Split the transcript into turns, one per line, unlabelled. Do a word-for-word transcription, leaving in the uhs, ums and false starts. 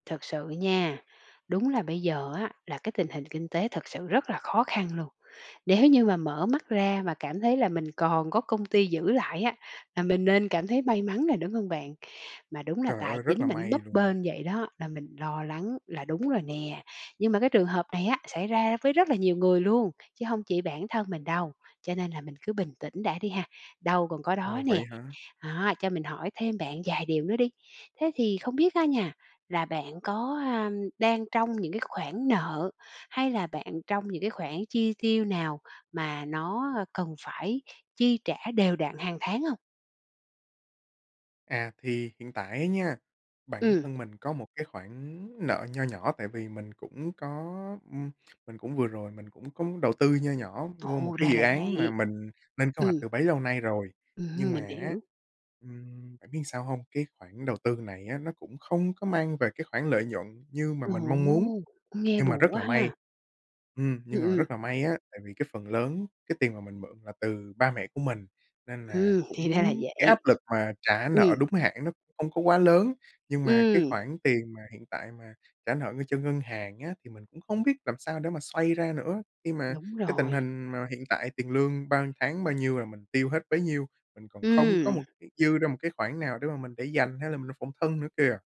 Thật sự nha, đúng là bây giờ á, là cái tình hình kinh tế thực sự rất là khó khăn luôn. Nếu như mà mở mắt ra mà cảm thấy là mình còn có công ty giữ lại á, là mình nên cảm thấy may mắn nè, đúng hông bạn? Mà đúng là
Trời
tài
ơi, rất
chính
là
mà nó
may
bấp
luôn!
bênh vậy đó, là mình lo lắng là đúng rồi nè. Nhưng mà cái trường hợp này á, xảy ra với rất là nhiều người luôn, chứ hông chỉ bản thân mình đâu, cho nên là mình cứ bình tĩnh đã đi ha, đâu còn có đó
Ồ, vậy
nè.
hả?
Đó, cho mình hỏi thêm bạn vài điều nữa đi, thế thì không biết á nha, là bạn có, ờm, đang trong những cái khoản nợ hay là bạn trong những cái khoản chi tiêu nào mà nó, ơ, cần phải chi trả đều đặn hàng tháng hông?
À, thì hiện tại á nha, bản
Ừm.
thân mình có một cái khoản nợ nho nhỏ tại vì mình cũng có, ừm, mình cũng vừa rồi mình cũng có đầu tư nho nhỏ vô một
Ồ,
cái
ra
dự
là
án mà
vậy!
mình lên kế hoạch
Ừm.
từ bấy lâu nay rồi, nhưng
Ừm,
mà
mình
á,
hiểu.
ừm, biết làm sao hông? Cái khoản đầu tư này á nó cũng không có mang về cái khoản lợi nhuận như mà
Ồ!
mình mong muốn.
Cũng nghe
Nhưng mà
buồn
rất
quá
là may
ha!
ừm,
Ừm,
nhưng mà
ừm.
rất là may á, tại vì cái phần lớn cái tiền mà mình mượn là từ ba mẹ của mình nên là
Ừm, thì ra
cũng
là
cái áp
vậy.
lực mà trả
Ừm.
nợ đúng hạn nó cũng hông có quá lớn. Nhưng mà cái
Ừm.
khoản tiền mà hiện tại mà trả nợ ng cho ngân hàng á, thì mình cũng không biết làm sao để mà xoay ra nữa, khi mà
Đúng
cái tình
rồi.
hình mà hiện tại tiền lương bao ưn tháng bao nhiêu là mình tiêu hết bấy nhiêu, mình còn không có
Ừm.
một cái dư ra một cái khoản nào để mà mình để dành hay là mình làm phòng thân nữa kìa.